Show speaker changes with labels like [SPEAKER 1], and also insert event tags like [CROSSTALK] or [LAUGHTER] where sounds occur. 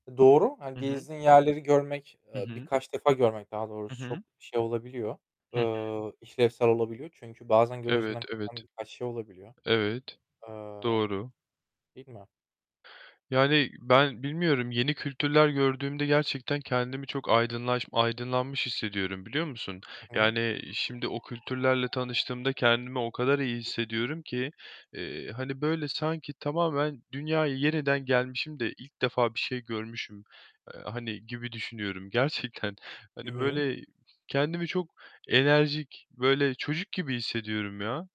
[SPEAKER 1] Doğru hani
[SPEAKER 2] Hı hı.
[SPEAKER 1] gezdiğin yerleri görmek,
[SPEAKER 2] Hı
[SPEAKER 1] eee,
[SPEAKER 2] hı.
[SPEAKER 1] birkaç defa görmek daha
[SPEAKER 2] Hı
[SPEAKER 1] doğrusu çok
[SPEAKER 2] hı.
[SPEAKER 1] şey olabiliyor,
[SPEAKER 2] Hı hı.
[SPEAKER 1] eee, işlevsel olabiliyor çünkü bazen
[SPEAKER 2] Evet,
[SPEAKER 1] gözünden
[SPEAKER 2] evet,
[SPEAKER 1] kaçan birkaç şey olabiliyor.
[SPEAKER 2] evet,
[SPEAKER 1] Eee.
[SPEAKER 2] doğru.
[SPEAKER 1] Değil mi?
[SPEAKER 2] Yani ben bilmiyorum yeni kültürler gördüğümde gerçekten kendimi çok aydınlaş aydınlanmış hissediyorum, biliyor musun?
[SPEAKER 1] Hı hı,
[SPEAKER 2] Yani
[SPEAKER 1] çok güzel.
[SPEAKER 2] şimdi o kültürlerle tanıştığımda kendimi o kadar iyi
[SPEAKER 1] [UNINTELLIGIBLE]
[SPEAKER 2] hissediyorum ki, eee, hani böyle sanki tamamen dünyaya yeniden gelmişim de ilk defa bir şey görmüşüm, eee, hani, gibi düşünüyorum gerçekten.
[SPEAKER 1] Hı
[SPEAKER 2] Hani
[SPEAKER 1] hı.
[SPEAKER 2] böyle kendimi çok enerjik, böyle çocuk gibi hissediyorum ya.